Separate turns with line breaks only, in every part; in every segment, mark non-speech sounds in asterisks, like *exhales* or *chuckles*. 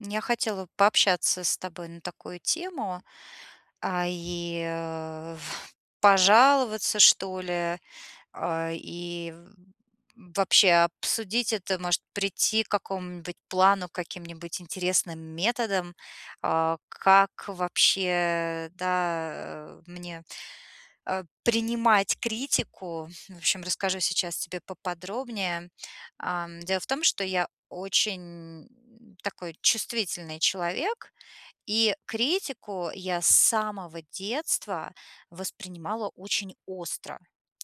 Я хотела бы пообщаться с тобой на такую тему, а, и *exhales* пожаловаться, что ли, а, и вообще обсудить это, может, прийти к какому-нибудь плану, каким-нибудь интересным методам, а, как вообще, да, э, мне, а, принимать критику. В общем, расскажу сейчас тебе поподробнее. А, дело в том, что я очень такой чувствительный человек, и критику я с самого детства воспринимала очень остро.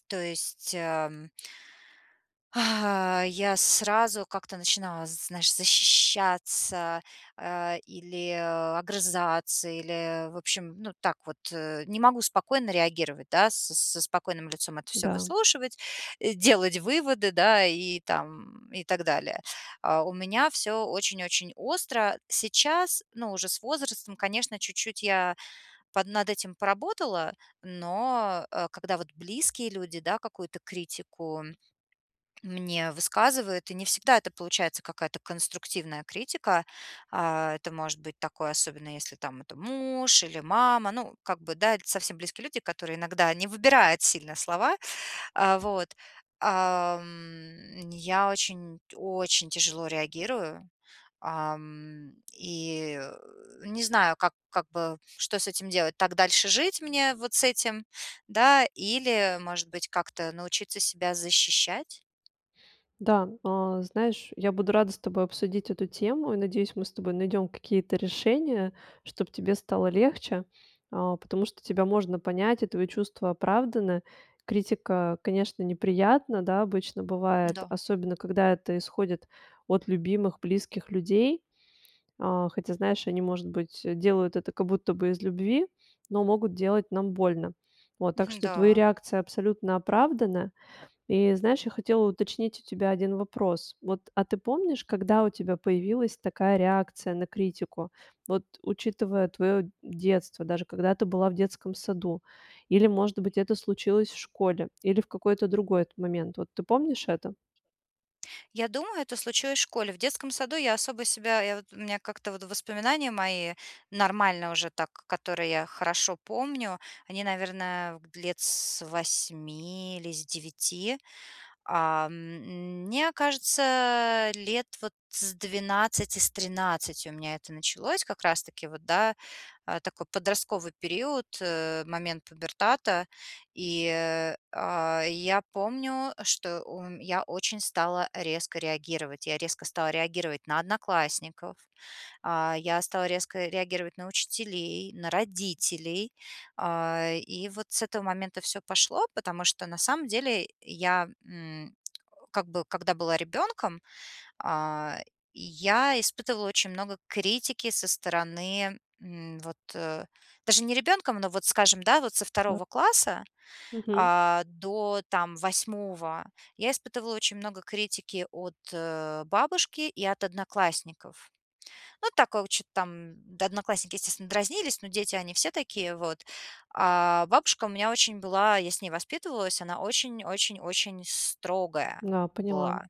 То есть, эм, *exhales* я сразу как-то начинала, знаешь, защищаться, а, или огрызаться, или, в общем, ну, так вот, э, не могу спокойно реагировать, да, с с со спокойным лицом это всё
Да.
выслушивать, делать выводы, да, и там, и так далее. А у меня всё очень очень остро. Сейчас, ну, уже с возрастом, конечно, чуть-чуть я под над этим поработала, но, а, когда вот близкие люди, да, какую-то критику мне высказывают, и не всегда это получается какая-то конструктивная критика, а, это может быть такое, особенно если там это муж или мама, ну, как бы, да, это совсем близкие люди, которые иногда не выбирают сильно слова, а, вот, ам, я очень очень тяжело реагирую, ам, и, э, не знаю, как как бы, что с этим делать. Так дальше жить мне вот с этим, да, или, может быть, как-то научиться себя защищать?
Да, а, знаешь, я буду рада с тобой обсудить эту тему и, надеюсь, мы с тобой найдём какие-то решения, чтобы тебе стало легче, а, потому что тебя можно понять, и твои чувства оправданы. Критика, конечно, неприятна, да, обычно бывает,
Да.
особенно, когда это исходит от любимых близких людей. А, хотя, знаешь, они, может быть, делают это как будто бы из любви, но могут делать нам больно. Вот, так
Мгм,
что твои
да.
реакция абсолютно оправдана. И знаешь, я хотела уточнить у тебя один вопрос. Вот, а ты помнишь, когда у тебя появилась такая реакция на критику? Вот учитывая твоё детство, даже когда ты была в детском саду? Или, может быть, это случилось в школе? Или в какой-то другой момент? Вот ты помнишь это?
Я думаю, это случилось в школе. В детском саду я особо себя я вот у меня как-то вот воспоминания мои, нормальные уже так, которые я хорошо помню, они, наверное, лет с 8 или с 9. А, м, мне кажется, лет, вот, с 12, с 13 у меня это началось, как раз-таки вот, да, э, такой подростковый период, э, момент пубертата. И, э, а, я помню, что ум я очень стала резко реагировать. Я резко стала реагировать на одноклассников, а, я стала резко реагировать на учителей, на родителей. А, и вот с этого момента всё пошло, потому что на самом деле я, м, как бы, когда была ребёнком, а, я испытывала очень много критики со стороны, м, вот, э, даже не ребёнком, но, вот, скажем, да, вот со
Да.
2 класса,
Мгм.
а, до, там, 8 я испытывала очень много критики от, э, бабушки и от одноклассников. Ну, такого чё-то там Да, одноклассники, естественно, дразнились, но дети, они все такие вот. А бабушка у меня очень была я с ней воспитывалась, она очень очень очень строгая
Да, поняла.
была.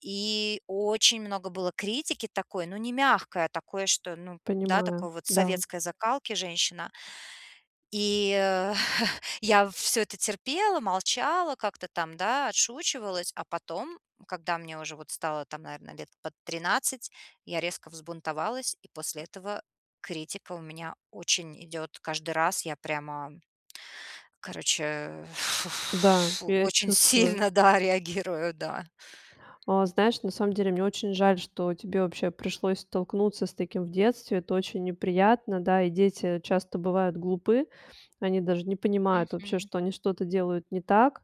И очень много было критики такой, ну не мягкой, а такой, что, ну да,
Понимаю,
такой вот
да.
советской закалки женщина. И, э, *chuckles* я всё это терпела, молчала, как-то там, да, отшучивалась, а потом, когда мне уже вот стало там, наверное, лет под 13 я резко взбунтовалась, и после этого критика у меня очень идёт каждый раз. Я прямо, короче,
Да,
*exhales*
я
очень
чувствую.
сильно, да, реагирую, да.
А, знаешь, на самом деле мне очень жаль, что тебе вообще пришлось столкнуться с таким в детстве. Это очень неприятно, да, и дети часто бывают глупы. Они даже не понимают вообще,
Мгм.
что они что-то делают не так.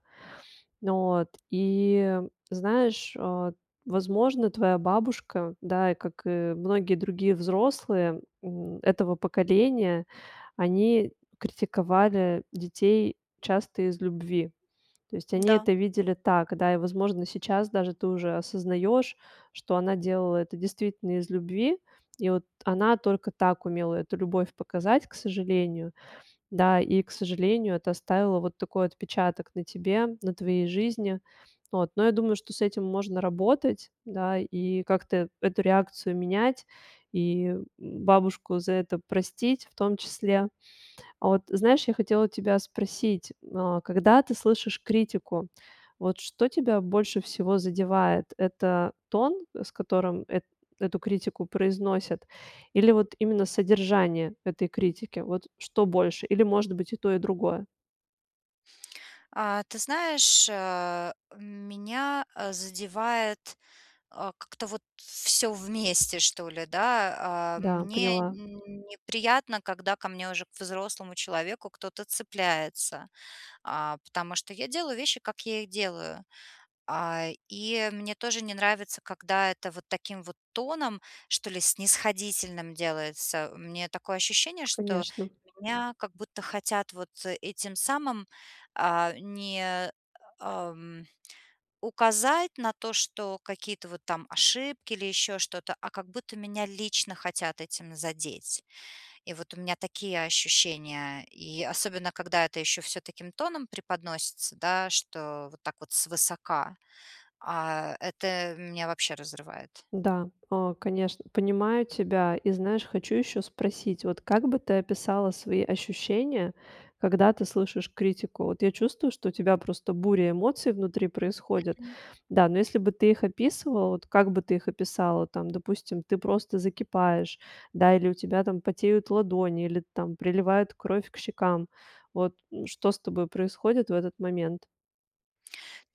Вот. И знаешь, а, возможно, твоя бабушка, да, как и многие другие взрослые, м, этого поколения, они критиковали детей часто из любви. То есть они
Да.
это видели так, да, и, возможно, сейчас даже ты уже осознаёшь, что она делала это действительно из любви. И вот она только так умела эту любовь показать, к сожалению. Да, и, к сожалению, это оставило вот такой отпечаток на тебе, на твоей жизни. Вот. Но я думаю, что с этим можно работать, да, и как-то эту реакцию менять, и бабушку за это простить в том числе. А вот знаешь, я хотела тебя спросить, а когда ты слышишь критику, вот что тебя больше всего задевает: это тон, с которым эт эту критику произносят, или вот именно содержание этой критики? Вот что больше? Или, может быть, и то, и другое?
А, ты знаешь, а, меня, э, задевает, э, как-то вот всё вместе, что ли, да. А,
Да,
мне
поняла.
неприятно, когда ко мне уже, к взрослому человеку, кто-то цепляется. А, потому что я делаю вещи, как я их делаю. А, и мне тоже не нравится, когда это вот таким вот тоном, что ли, снисходительным делается. У меня такое ощущение, что
Конечно.
меня как будто хотят вот этим самым, э, не, эм, указать на то, что какие-то вот там ошибки или ещё что-то, а как будто меня лично хотят этим задеть. И вот у меня такие ощущения. И особенно когда это ещё всё таким тоном преподносится, да, что вот так вот свысока, а это меня вообще разрывает.
Да, э, конечно, понимаю тебя. И, знаешь, хочу ещё спросить. Вот как бы ты описала свои ощущения, когда ты слышишь критику? Вот я чувствую, что у тебя просто буря эмоций внутри происходит.
Мгм.
Да, но если бы ты их описывала, вот как бы ты их описала, там, допустим, ты просто закипаешь, да, или у тебя, там, потеют ладони, или, там, приливает кровь к щекам, вот н что с тобой происходит в этот момент?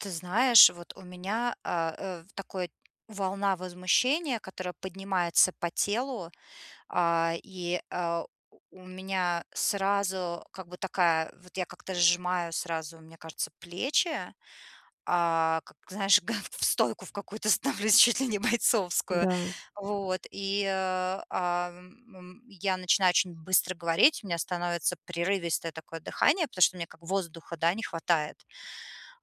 Ты знаешь, вот у меня, э, э, в такой волна возмущения, которая поднимается по телу. А, и, а, у меня сразу как бы такая, вот я как-то сжимаю сразу, мне кажется, плечи, а, как, знаешь, га в стойку в какую-то становлюсь чуть ли не бойцовскую!
Да.
Вот, и, а, о м, м, я начинаю очень быстро говорить, у меня становится прерывистое такое дыхание, потому что мне как воздуха, да, не хватает.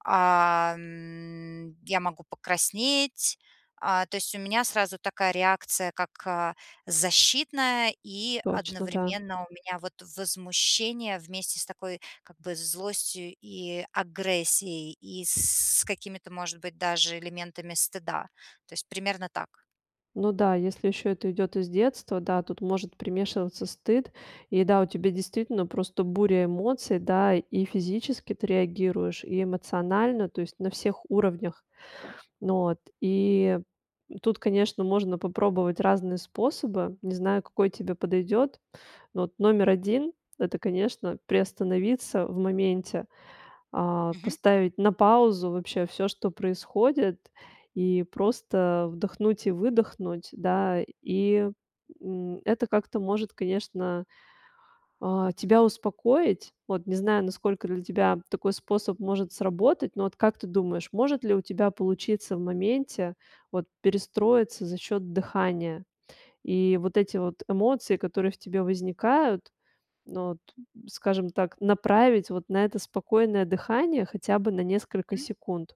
А, м, я могу покраснеть. А, то есть у меня сразу такая реакция как, а, защитная. И
Точно, да.
одновременно у меня вот возмущение вместе с такой, как бы, злостью и агрессией, и с какими-то, может быть, даже элементами стыда. То есть примерно так.
Ну да, если ещё это идёт из детства, да, тут может примешиваться стыд. И да, у тебя действительно просто буря эмоций, да: и физически ты реагируешь, и эмоционально. Tо есть на всех уровнях. Вот, и тут, конечно, можно попробовать разные способы. Не знаю, какой тебе подойдёт. Ну, вот номер 1- это, конечно, приостановиться в моменте, а,
Мгм.
поставить на паузу вообще всё, что происходит. И просто вдохнуть и выдохнуть, да. И, м, это как-то может, конечно, а, тебя успокоить. Вот не знаю, насколько для тебя такой способ может сработать. Но вот как ты думаешь, может ли у тебя получиться в моменте, вот, перестроиться за счёт дыхания? И вот эти вот эмоции, которые в тебе возникают, ну вот, скажем так, направить вот на это спокойное дыхание хотя бы на несколько
М.
секунд.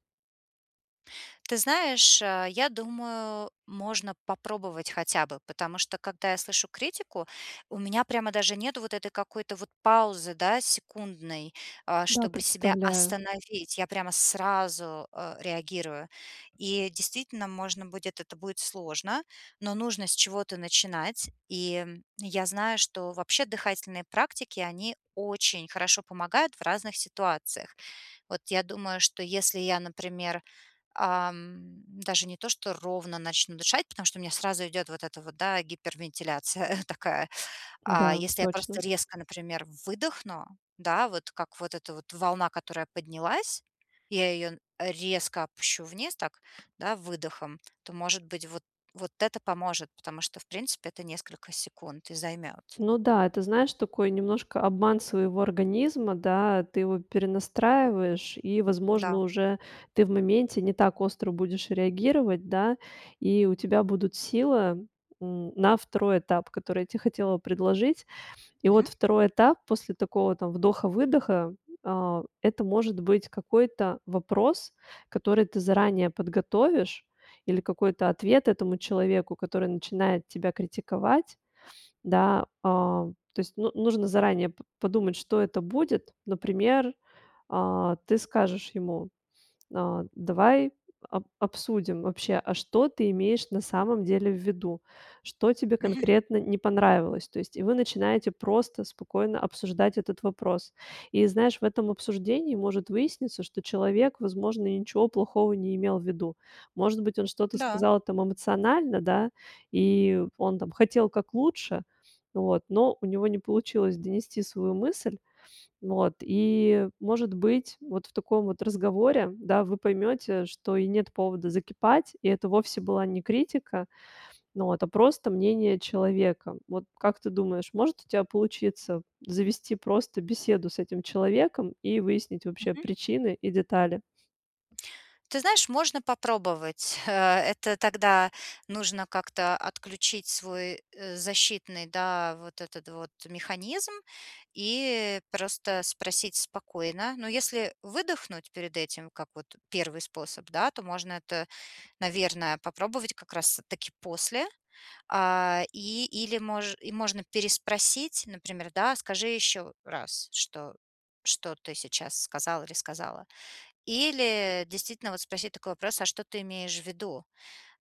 Ты знаешь, э, я думаю, можно попробовать хотя бы. Потому что когда я слышу критику, у меня прямо даже нету вот этой какой-то вот паузы, да, секундной, э,
Да,
чтобы себя
представляю.
остановить. Я прямо сразу, э, реагирую. И, действительно, можно будет, это будет сложно, но нужно с чего-то начинать. И, м, я знаю, что вообще дыхательные практики- они очень хорошо помогают в разных ситуациях. Вот я думаю, что если я, например, эм, даже не то что ровно начну дышать, потому что у меня сразу идет вот эта вот, да, гипервентиляция *chuckles* такая. А
Да,
если я просто
точно.
резко, например, выдохну, да, вот, как вот эта вот волна, которая поднялась, я ее н резко опущу вниз, так, да, выдохом, то, может быть, вот вот это поможет, потому что, в принципе, это несколько секунд и займет.
Ну да, это, знаешь, такой немножко обман своего организма, да, ты его перенастраиваешь, и, возможно,
Да.
уже ты в моменте не так остро будешь реагировать, да, и у тебя будут сила, м, на 2 этап, который я те хотела предложить. И вот
Мгм.
2 этап после такого там вдоха-выдоха- а, это, может быть, какой-то вопрос, который ты заранее подготовишь, или какой-то ответ этому человеку, который начинает тебя критиковать, да. А, то есть, ну нужно заранее п подумать, что это будет. Например, а, ты скажешь ему: "А, давай об обсудим вообще, а что ты имеешь на самом деле в виду? Что тебе
Мгм.
конкретно не понравилось?". То есть и вы начинаете просто спокойно обсуждать этот вопрос. И, знаешь, в этом обсуждении может выясниться, что человек, возможно, и ничего плохого не имел в виду. Может быть, он что-то
Да.
сказал там эмоционально, да, и он, там, хотел как лучше вот, но у него не получилось донести свою мысль. Вот и, может быть, вот в таком вот разговоре, да, вы поймете, что и нет повода закипать, и это вовсе была не критика, ну вот, а просто мнение человека. Вот как ты думаешь, может у тебя получиться завести просто беседу с этим человеком и выяснить вообще
Мгм.
причины и детали?
Ты знаешь, можно попробовать. Э, это тогда нужно как-то отключить свой защитный, да, вот этот вот механизм и просто спросить спокойно. Но если выдохнуть перед этим, как вот 1 способ, да, то можно это, наверное, попробовать как раз таки после. А, и или мож и можно переспросить, например, да: скажи ещё раз, что что ты сейчас сказал или сказала. Или действительно вот спросить такой вопрос: а что ты имеешь в виду?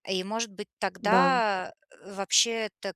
И может быть,
Да.
тогда вообще это,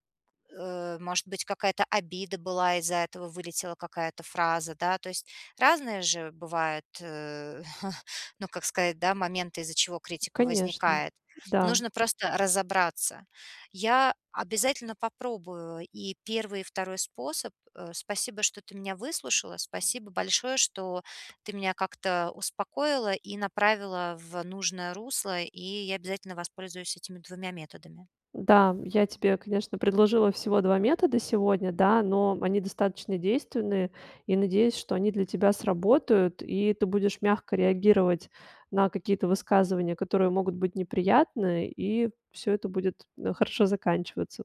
э, может быть, какая-то обида была из-за этого, вылетела какая-то фраза, да, то есть разные же бывают, э, *chuckles* ну, как сказать, да, моменты, из-за чего критика
Конечно,
возникает.
да.
Нужно просто разобраться. Я обязательно попробую и 1, и 2 способ. Э, спасибо, что ты меня выслушала, спасибо большое, что ты меня как-то успокоила и направила в нужное русло, и я обязательно воспользуюсь этими 2 методами.
Да, я тебе, конечно, предложила всего 2 метода сегодня, да, но они достаточно действенные. И надеюсь, что они для тебя сработают, и ты будешь мягко реагировать на какие-то высказывания, которые могут быть неприятны, и всё это будет, э, хорошо заканчиваться.